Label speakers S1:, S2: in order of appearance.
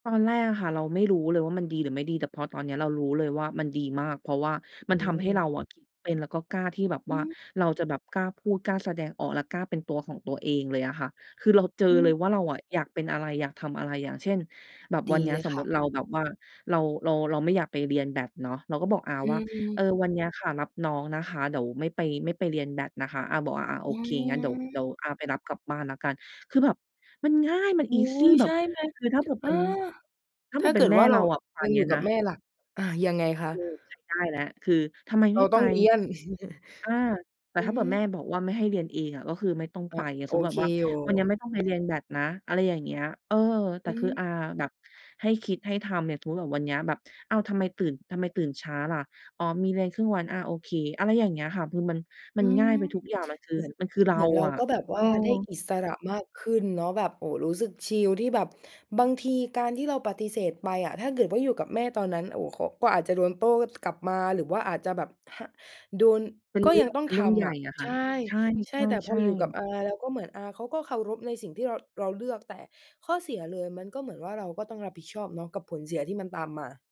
S1: ตอนแรกอะค่ะ เราไม่รู้เลยว่ามันดีหรือไม่ดี แต่พอตอนนี้เรารู้เลยว่ามันดีมาก เพราะว่ามั
S2: อื
S1: นทำให้เ
S2: ม
S1: ราอะคิดเป็น แล้วก็กล้าที่แบบ
S2: อื
S1: ว่า
S2: ม
S1: เราจะแบบกล้าพูดกล้าแสดงออก และกล้าเป็นตัวของตัวเองเลยอะค่ะ คือเราเจอ
S2: อื
S1: เล
S2: ม
S1: ยว่าเราอะอยากเป็นอะไร อยากทำอะไร อย่างเช่น แบบว
S2: ด
S1: ัน
S2: ี
S1: นี้
S2: เลย
S1: สม
S2: ค
S1: มุ
S2: ่ะ
S1: ติเราแบบว่าเรา เรา เราไม่อยากไปเรียนแบดเนาะ เราก็บอกอา
S2: อื
S1: ว่า "เออ
S2: ม
S1: วันนี้ค่ะ รับน้องนะคะ เดี๋ยวไม่ไป ไม่ไปเรียนแบดนะคะ" อาบอก "อา ๆ โ
S2: อ
S1: อ
S2: ื
S1: เค งั้นเดี๋ยว เดี๋ยว
S2: ม
S1: อาไปรับกลับบ้านแล้วกัน" คือแบบ มันง่ายมัน
S2: อุ๊
S1: easy
S2: ย
S1: แบ
S2: ใช
S1: บ
S2: ่ไหม
S1: คือถ้าเผื่อ
S2: อ
S1: เ
S2: า
S1: ป็น ถ้า
S2: ถ
S1: แบ
S2: ้า
S1: บเ
S2: เ
S1: ป
S2: ก
S1: ็
S2: ิ
S1: น
S2: ด
S1: แม่
S2: ว่าเ
S1: เ
S2: ร
S1: ร
S2: า
S1: าอะ ป่า
S2: ยั
S1: น
S2: ง
S1: เน
S2: อ
S1: ี
S2: ย
S1: ้
S2: ู่
S1: ย
S2: ก
S1: น
S2: ับ
S1: ะ
S2: แม่ล่ะ? อา ยังไงคะ?
S1: เออ ใช้ได้แล้ว คือทำไม
S2: เ
S1: ไ
S2: ร
S1: ม่
S2: า
S1: ไ
S2: ต
S1: ป
S2: ้องเรียน
S1: อา แต่
S2: อื
S1: ถ้าเบื่อแม่
S2: ม
S1: บอกว่าไม่ให้เรียนเองอะ ก็คือไม่ต้อง
S2: อ
S1: ไป
S2: า
S1: อา
S2: โ
S1: สม
S2: อ
S1: มุติแบ
S2: เค
S1: บว่า
S2: อยู่
S1: วันนี้ไม่ต้องไป เรียนแบดนะ อะไรอย่างเงี้ย เออ แต
S2: อ
S1: ่
S2: ื
S1: คือ
S2: ม
S1: อาแบบให้คิดให้ทำ เนี่ยสมมุติแบบวันนี้แบบ "อ้าว ทำไมตื่น ทำไมตื่นช้าล่ะ?" "อ๋อมีเรียนครึ่งวัน" "อา โอเค" อะไรอย่างเงี้ยค่ะ คือมัน มั
S2: อ
S1: น
S2: ื
S1: ง่
S2: ม
S1: ายไปทุกอย่างมันคือ
S2: เหมือน
S1: มันคือเร
S2: เห
S1: า
S2: มือนเรา
S1: อะ
S2: ก็แบบ
S1: เ
S2: ว
S1: ออ
S2: ่าได้อิสระมากขึ้นเนาะ แบบ โอ้ รู้สึกชิลที่แบบ บางทีการที่เราปฏิเสธไปอะ ถ้าเกิดว่าอยู่กับแม่ตอนนั้น โอ้ เขา ก็อาจจะโดนโต้ กลับมา หรือว่าอาจจะแบบ ฮ โดน
S1: เป็น
S2: ก็
S1: เรื
S2: ย
S1: ่
S2: ั
S1: อ
S2: ง
S1: ง
S2: ต้อ
S1: เ
S2: ง
S1: ป็นเร
S2: ท
S1: ื่องใหญ
S2: ำอ
S1: ่
S2: ะ
S1: อะค
S2: ใ
S1: ่
S2: ช
S1: ะ
S2: ่
S1: ใช
S2: ใช่ แต่พอ
S1: ่
S2: อยู่กั
S1: ๆ
S2: บ
S1: ๆ
S2: อา แล้วก็เหมือนอาเขาก็เคารพในสิ่งที่เรา เราเลือก แต่ข้อเสียเลยมันก็เหมือนว่าเราก็ต้องรับผิดชอบเนาะกับผลเสียที่มันตามมา